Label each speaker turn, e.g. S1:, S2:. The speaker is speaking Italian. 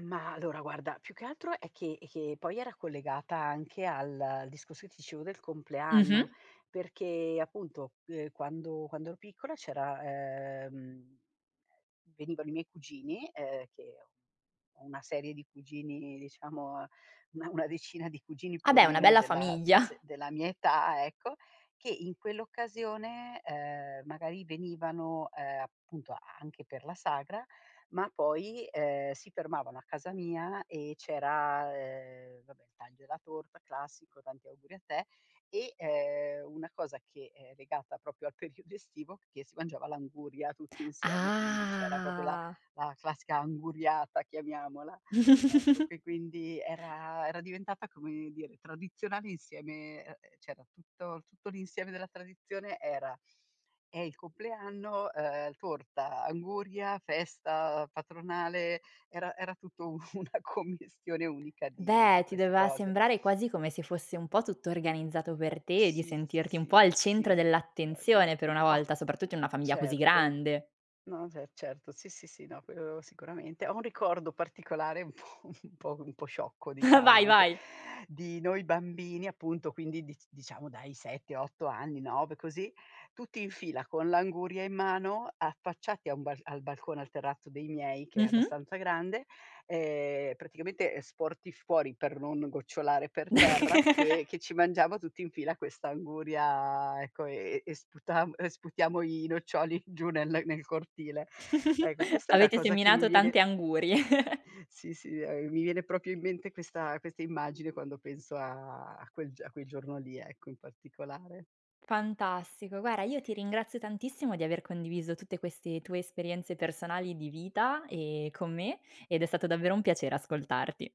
S1: Mah, allora guarda più che altro è che è che, poi era collegata anche al discorso che ti dicevo del
S2: Mh-mh.
S1: compleanno. Perché appunto, uhm, quando quando ero piccola c'era, ehm venivano i miei cugini, uhm, che ho ho una serie di cugini diciamo una una decina di cugini
S2: Ah
S1: più o
S2: beh, una
S1: meno
S2: bella
S1: della de
S2: famiglia.
S1: della mia età, ecco, che in quell'occasione, uhm, magari venivano, uhm, appunto, anche per la sagra, ma poi, uhm, si fermavano a casa mia e c'era, ehm, vabbè il taglio della torta classico, tanti auguri a te e, ehm, una cosa che, ehm, è legata proprio al periodo estivo, che si mangiava l'anguria tutti insieme. Quindi c'era proprio la
S2: Ah!
S1: la classica anguriata chiamiamola, ecco che quindi era era diventata come dire, tradizionale insieme uhm, c'era tutto tutto l'insieme della tradizione era: eh, il compleanno, uhm, torta, anguria, festa patronale, era era tutto un una commistione unica di di
S2: Beh, ti
S1: queste
S2: doveva
S1: cose.
S2: sembrare quasi come se fosse un po' tutto organizzato per te, di
S1: Sì, sì,
S2: sentirti un po'
S1: sì.
S2: al
S1: Sì,
S2: centro
S1: sì. Poi vedi,
S2: dell'attenzione per una
S1: ho
S2: volta, soprattutto in una famiglia così
S1: certo.
S2: grande.
S1: No, se certo, sì, sì, sì, no, quello sicuramente. Ho un ricordo particolare un po' un po' un po' sciocco, diciamo
S2: Vai,
S1: anche,
S2: vai.
S1: di noi bambini appunto, quindi dic diciamo dai 7-8 anni, 9, così, tutti in fila con l'anguria in mano, affacciati a un bal al balcone, al terrazzo dei miei che è
S2: Mh-mh.
S1: abbastanza grande, ehm, praticamente, ehm, sporti fuori per non gocciolare per terra che che ci mangiamo tutti in fila questa anguria, ecco, ehm, e sputam uhm, sputiamo i noccioli giù ne nel nel cortile. Ecco, questa è una
S2: Avete
S1: cosa che mi
S2: seminato
S1: viene
S2: tante angurie.
S1: Sì, sì, uhm, mi viene proprio in mente questa questa immagine quando penso a a quel a quel giorno lì, ecco, in particolare.
S2: Fantastico. Guarda, io ti ringrazio tantissimo di aver condiviso tutte queste tue esperienze personali di vita, ehm, con me, ed è stato davvero un piacere ascoltarti.